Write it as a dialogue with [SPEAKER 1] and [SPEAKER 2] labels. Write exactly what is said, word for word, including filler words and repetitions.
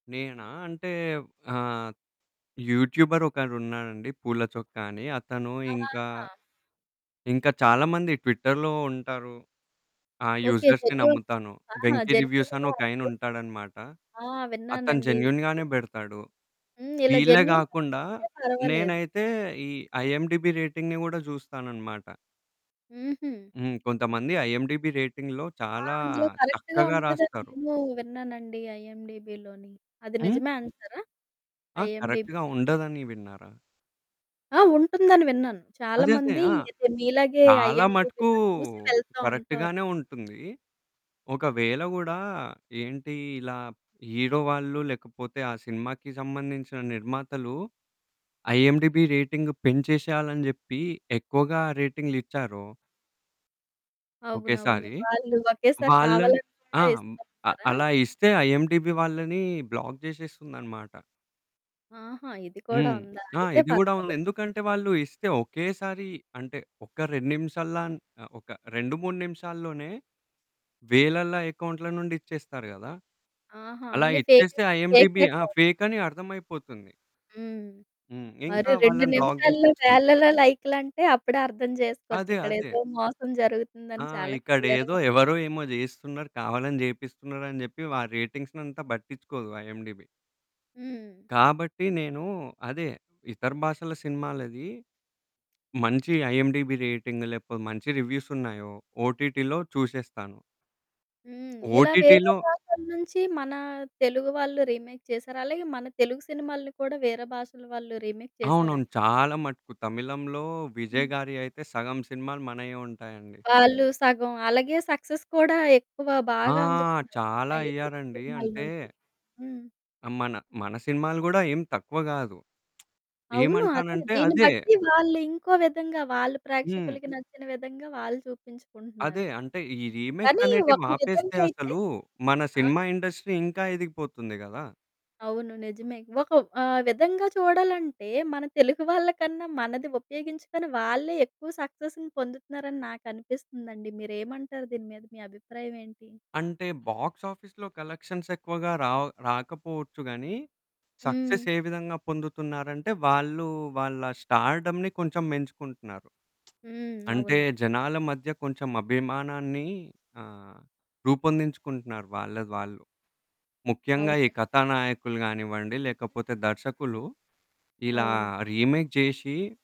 [SPEAKER 1] నేనా అంటే ఆహ్, యూట్యూబరోకరున్నాడండి పూల చొక్క అని, అతను ఇంక,
[SPEAKER 2] ఆహా!
[SPEAKER 1] ఇంక చాలా మంది ట్విట్టర్‌లో ఉంటారు. ఆ!
[SPEAKER 2] ఓకే.
[SPEAKER 1] యూజర్స్‌ని
[SPEAKER 2] జెన్యూన్
[SPEAKER 1] నమ్ముతాను.
[SPEAKER 2] ఆహా!
[SPEAKER 1] వెంకి రివ్యూసని
[SPEAKER 2] జెన్యూన్‌‌గా
[SPEAKER 1] ఒకాయన
[SPEAKER 2] అనిపిస్తా
[SPEAKER 1] ఉంటాడన్నమాట,
[SPEAKER 2] ఆ!
[SPEAKER 1] అతను
[SPEAKER 2] విన్నానండి.
[SPEAKER 1] జెన్యూన్‌గానే
[SPEAKER 2] యెస్.
[SPEAKER 1] బెడతాడు.
[SPEAKER 2] హ్మ్. ఇలా
[SPEAKER 1] వీళ్ళే
[SPEAKER 2] జెన్యూన్‌గా
[SPEAKER 1] కాకుండా
[SPEAKER 2] చెప్తే పర్వాలేదు.
[SPEAKER 1] నేనైతే ఈ ఐఎండీబీ రేటింగ్‌ని గూడా జుస్తానన్నమాట.
[SPEAKER 2] హుహు.
[SPEAKER 1] హ్మ్. కొంతమంది ఐఎండీబీ రేటింగ్‌లో
[SPEAKER 2] ఆ!
[SPEAKER 1] చాలా
[SPEAKER 2] అందులో కరెక్ట్‌గా
[SPEAKER 1] చక్కగా
[SPEAKER 2] ఉంటదన్ని
[SPEAKER 1] రాస్తారు.
[SPEAKER 2] నేను విన్నానండి ఐఎండీబిలోని. అది
[SPEAKER 1] హ్మ్?
[SPEAKER 2] నిజమే అంటారా?
[SPEAKER 1] ఆ! కరెక్ట్‌గా
[SPEAKER 2] ఐఎండీబీ‌ది.
[SPEAKER 1] ఉండదని విన్నారా?
[SPEAKER 2] ఆ! ఉంటుందని విన్నాను. చాలా
[SPEAKER 1] అదే అదే
[SPEAKER 2] మంది
[SPEAKER 1] ఆ!
[SPEAKER 2] ఇది మీలాగే
[SPEAKER 1] చాలా మటుకు
[SPEAKER 2] ఐఎండీబీ‌లో చూసి వెళ్తా ఉంటారు.
[SPEAKER 1] కరెక్ట్‌గానే ఉంటుంది. ఒకవేళ గూడా ఏంటి ఇలా హీరో వాళ్ళు, లేకపోతే ఆ సినిమాకి సంబంధించిన నిర్మాతలు ఐఎండీబీ రేటింగ్ పెంచేసేయాలని అని జేప్పి ఎక్కువగా రేటింగ్‌లిచ్చారో...
[SPEAKER 2] అవునవును.
[SPEAKER 1] ఒకేసారి
[SPEAKER 2] వాళ్ళు ఒకేసారి
[SPEAKER 1] వాళ్ళని
[SPEAKER 2] కావాలని
[SPEAKER 1] ఆ!
[SPEAKER 2] కూడా
[SPEAKER 1] హ్మ్. అ
[SPEAKER 2] ఇస్తుంటారా?
[SPEAKER 1] అలా ఇస్తే ఐఎండీబీ వాళ్ళని బ్లాక్ జేసేస్తుందన్నమాట.
[SPEAKER 2] ఆహా! ఇది కూడా
[SPEAKER 1] హ్మ్.
[SPEAKER 2] ఉందా?
[SPEAKER 1] ఆ!
[SPEAKER 2] అయితే
[SPEAKER 1] ఇది కూడా ఉంది.
[SPEAKER 2] పర్వాలేదు.
[SPEAKER 1] ఎందుకంటే వాళ్ళు ఇస్తే ఒకేసారి అంటే ఒక రెండు నిమిషాల‌న్ ఆ! ఒక రెండు మూడు నిమిషాల్లోనే వేలల అకౌంట్‌ల నుండి ఇచ్చేస్తారు గదా!
[SPEAKER 2] ఆహా!
[SPEAKER 1] అలా
[SPEAKER 2] అన్ని ఫేకే
[SPEAKER 1] ఇచ్చేస్తే
[SPEAKER 2] ఫేక్
[SPEAKER 1] ఐఎండీబీ ఆ!
[SPEAKER 2] అకౌంట్లు.
[SPEAKER 1] ఫేకని అర్థం అయిపోతుంది.
[SPEAKER 2] హ్మ్.
[SPEAKER 1] హ్మ్.
[SPEAKER 2] మరి
[SPEAKER 1] ఇంకా
[SPEAKER 2] రెండు
[SPEAKER 1] వాళ్ళని బ్లాక్
[SPEAKER 2] నిమిషాల్లో
[SPEAKER 1] జేసేస్తుంది.
[SPEAKER 2] వేలలో లైక్‌లంటే అప్పుడే అర్థం చేసుకోవచ్చు.
[SPEAKER 1] అదే.
[SPEAKER 2] ఇక్కడ
[SPEAKER 1] అదే.
[SPEAKER 2] ఏదో మోసం
[SPEAKER 1] ఆ!
[SPEAKER 2] జరుగుతుందని చాలా
[SPEAKER 1] ఇక్కడేదో
[SPEAKER 2] క్లియర్‌గా
[SPEAKER 1] ఎవరో ఏమో జేయిస్తున్నారు, కావాలని జేపిస్తున్నారని చెప్పి వా రేటింగ్సనంతా పట్టించుకోదు ఐఎండీబీ.
[SPEAKER 2] హ్మ్.
[SPEAKER 1] కాబట్టి, నేను అదే ఇతర భాషల సినిమాలది. మంచి ఐఎండీబీ రేటింగ్ లేకపోతే మంచి రివ్యూసున్నాయో, ఓటిటిలో చుసేస్తాను.
[SPEAKER 2] హ్మ్. ఇలా వేరే
[SPEAKER 1] ఓటిటిలో
[SPEAKER 2] భాషల నుంచి మన తెలుగు వాళ్ళు రీమేక్ చేశారలాగే, మన తెలుగు సినిమాల్ని కూడా వేరే భాషల వాళ్ళు రీమేక్
[SPEAKER 1] అవును అవును.
[SPEAKER 2] చేసారనీ
[SPEAKER 1] చాలా మటుకు తమిళంలో విజయ్
[SPEAKER 2] హ్మ్.
[SPEAKER 1] గారి అయితే సగం సినిమాలు మనయే ఉంటాయండి.
[SPEAKER 2] వాళ్ళు సగం అలాగే సక్సెస్ కూడా ఎక్కువ
[SPEAKER 1] ఆ!
[SPEAKER 2] బాగా అందుకున్నారు.
[SPEAKER 1] చాలా
[SPEAKER 2] మన ఈ తెలుగు
[SPEAKER 1] అయ్యారండి. అంటే
[SPEAKER 2] సినిమాలనుండి. హ్మ్.
[SPEAKER 1] ఆ! మన మన సినిమాలు గూడా ఏం తక్కువ గాదు.
[SPEAKER 2] అవును. అదే
[SPEAKER 1] ఏమంటానంటే
[SPEAKER 2] దీన్ని
[SPEAKER 1] అదే
[SPEAKER 2] బట్టి వాళ్లీంకో విధంగా వాళ్ళు
[SPEAKER 1] హ్మ్.
[SPEAKER 2] ప్రేక్షకులకి నచ్చిన విధంగా వాళ్ళు
[SPEAKER 1] అదే
[SPEAKER 2] చూపించుకుంటున్నారు.
[SPEAKER 1] అంటే ఈ
[SPEAKER 2] కానీ ఒక
[SPEAKER 1] రీమేక్సనేటివాపేస్తే
[SPEAKER 2] విధంగైతే
[SPEAKER 1] అసలు మన
[SPEAKER 2] ఆ!
[SPEAKER 1] సినిమా ఇండస్ట్రీ ఇంక ఎదిగిపోతుంది గదా!
[SPEAKER 2] అవును. నిజమే ఒక ఆహ్, విధంగా చూడాలంటే మన తెలుగు వాళ్ళకన్నా మనది ఉపయోగించుకుని వాళ్ళే ఎక్కువ సక్సెస్‌ని పొందుతున్నారని నాకనిపిస్తుందండి, మీరేమంటారు? దీని మీద మీ అభిప్రాయం ఏంటి?
[SPEAKER 1] అంటే బాక్స్ ఆఫీస్‌లో కలెక్షన్సేక్కువగా రావ్ రాకపోవచ్చు గానీ
[SPEAKER 2] హ్మ్.
[SPEAKER 1] సక్సెస్ ఏ విధంగా పొందుతున్నారంటే, వాళ్ళు వాళ్ళ స్టార్డమ్‌ని కొంచెం పెంచుకుంటున్నారు.
[SPEAKER 2] హ్మ్.
[SPEAKER 1] అంటే
[SPEAKER 2] అవును.
[SPEAKER 1] జనాల మధ్య కొంచెం అభిమానాన్ని ఆహ్, రూపొందించుకుంటున్నారు వాళ్ళది వాళ్ళు. ముఖ్యంగా ఈ
[SPEAKER 2] అవునం
[SPEAKER 1] కథానాయకులు కానివ్వండి,
[SPEAKER 2] హ్మ్.
[SPEAKER 1] లేకపోతే దర్శకులు ఇలా
[SPEAKER 2] అవును.
[SPEAKER 1] రీమేక్ జేసి